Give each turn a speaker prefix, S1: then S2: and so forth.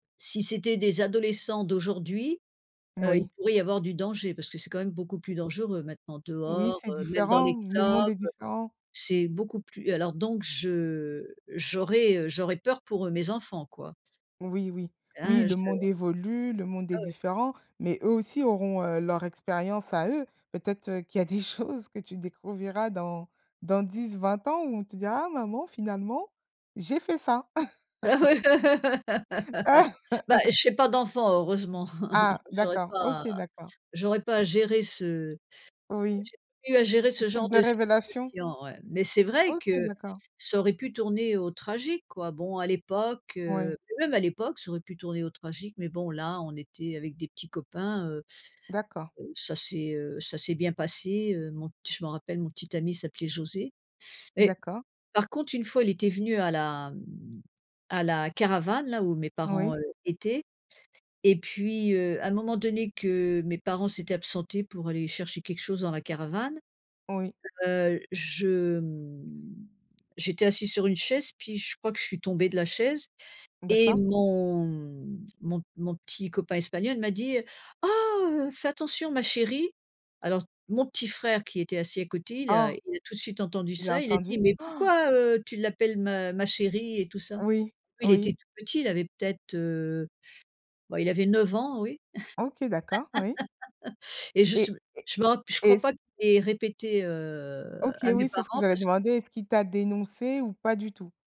S1: Si c'était des adolescents d'aujourd'hui, heu, il
S2: Moui.
S1: pourrait y avoir du danger, parce que c'est quand même beaucoup plus dangereux, maintenant,
S2: Oui,
S1: dehors,
S2: c'est
S1: heu, même dans
S2: différent,
S1: les
S2: le
S1: clubs,
S2: monde est différent.
S1: c'est beaucoup plus alors donc je j'aurais, heu, j'aurais peur pour, heu, mes enfants, quoi.
S2: Oui, oui. Oui,
S1: Ah,
S2: le
S1: je
S2: monde évolue, le monde est
S1: Ah ouais?
S2: différent, mais eux aussi auront, heu, leur expérience à eux. Peut-être, heu, qu'il y a des choses que tu découvriras dans dans 10-20 ans où on te dira: «Ah maman finalement, j'ai fait ça».
S1: Bah, j'ai pas d'enfant, heureusement,
S2: Ah,
S1: j'aurai
S2: d'accord.
S1: pas
S2: OK, d'accord.
S1: j'aurai à pas gérer ce à
S2: Oui.
S1: gérer j'ai plus à gérer
S2: Un
S1: ce
S2: type
S1: genre
S2: de
S1: de
S2: révélation?
S1: situation, ouais, mais c'est vrai
S2: OK,
S1: que
S2: d'accord.
S1: ça aurait pu tourner au tragique, quoi. Bon, à l'époque, heu,
S2: Ouais.
S1: mais même à l'époque ça aurait pu tourner au tragique, mais bon, là, on était avec des petits copains, heu,
S2: D'accord.
S1: ça c'est, heu, ça c'est bien passé, heu, mon je me rappelle, mon petit ami s'appelait José. Mais
S2: D'accord.
S1: par contre, une fois il était venu à la m à la caravane, là où mes parents,
S2: Oui.
S1: heu, étaient, et puis heu, à un moment donné que mes parents s'étaient absentés pour aller chercher quelque chose dans la caravane,
S2: Oui.
S1: heu, je, mmh, j'étais assise sur une chaise, puis je crois que je suis tombée de la chaise, et
S2: D'accord.
S1: mon m mon mon petit copain espagnol m'a dit: «Oh ,heu, fais attention ma chérie!» Alors mon petit frère, qui était assis à côté, il a
S2: Ah!
S1: il a tout de suite entendu
S2: Il a
S1: ça, il a dit:
S2: entendu?
S1: «Mais
S2: Han!
S1: pourquoi, heu, tu l'appelles ma ma chérie?» et tout ça.
S2: Oui,
S1: Il était
S2: oui.
S1: tout petit, il avait peut-être, heu, bah, il avait 9 ans, oui,
S2: OK, d'accord, oui.
S1: et je sais b
S2: Et et
S1: je me rap je crois
S2: est-ce
S1: pas qu'il ait répété, heu,
S2: OK,
S1: à mes
S2: oui, c'est ce que
S1: parents
S2: j'allais
S1: parce
S2: demander, est-ce qu'il t'a dénoncée ou pas du tout?